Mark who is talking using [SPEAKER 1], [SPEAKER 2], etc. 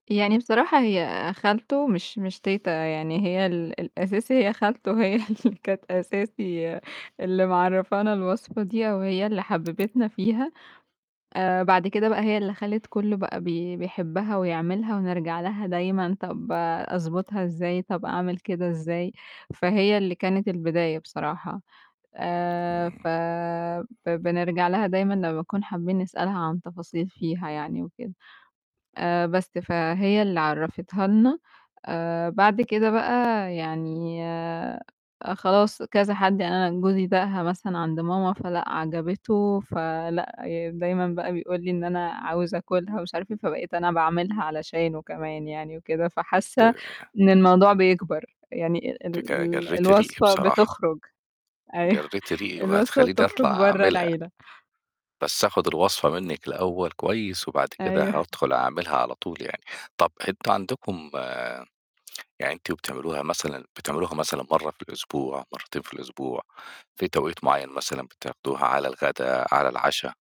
[SPEAKER 1] يعني بصراحة هي خالته مش مش تيتة، يعني هي ال الأساسي هي خالته هي اللي كانت أساسي اللي معرّفانا الوصفة دي أو هي اللي حببتنا فيها آآ، بعد كده بقى هي اللي خلّت كلّه بقى بي بيحبها ويعملها ونرجع لها دايمًا "طَب أضبطها إزاي؟ طَب أعمل كده إزاي؟" فهي اللي كانت البداية بصراحة، آآ
[SPEAKER 2] امم.
[SPEAKER 1] ف ب بنرجع لها دايمًا لمّا نكون حابين نسألها عن تفاصيل فيها يعني وكده آآ، بس فهي اللي عرفتها لنا آآ بعد كده بقى يعني آآ خلاص كذا حد، يعني أنا جوزي داقها مثلًا عند ماما، فلأ عجبته، فلأ يعني دايمًا بقى بيقول لي إن: "أنا عاوز أكلها" ومش عارف إيه، فبقيت أنا باعملها علشانه كمان يعني وكده، فحاسّة
[SPEAKER 2] [unintelligible]
[SPEAKER 1] إن الموضوع بيكبر، يعني ال ال
[SPEAKER 2] أنتِ ج
[SPEAKER 1] ال
[SPEAKER 2] جرّيتِ ريقي
[SPEAKER 1] الوصفة
[SPEAKER 2] بصراحة.
[SPEAKER 1] بتخرج أيوه
[SPEAKER 2] جرّيتِ ريقي
[SPEAKER 1] الوصفة
[SPEAKER 2] وهتخلّيني
[SPEAKER 1] بتخرج
[SPEAKER 2] أطْلع
[SPEAKER 1] برّه
[SPEAKER 2] أعملها.
[SPEAKER 1] العيلة.
[SPEAKER 2] بس آخُد الوصفة منِك الأول كويس، وبعد كده
[SPEAKER 1] أيوه.
[SPEAKER 2] هادخل أعملها على طول يعني، طَب أنتم عندكم يعني وأنتم بتعملوها مثلًا، بتعملوها مثلًا مَرّة في الأسبوع؟ مرتين في الأسبوع؟ فيه توقيت معيّن مثلًا بتعملوها على الغدا، على العشا؟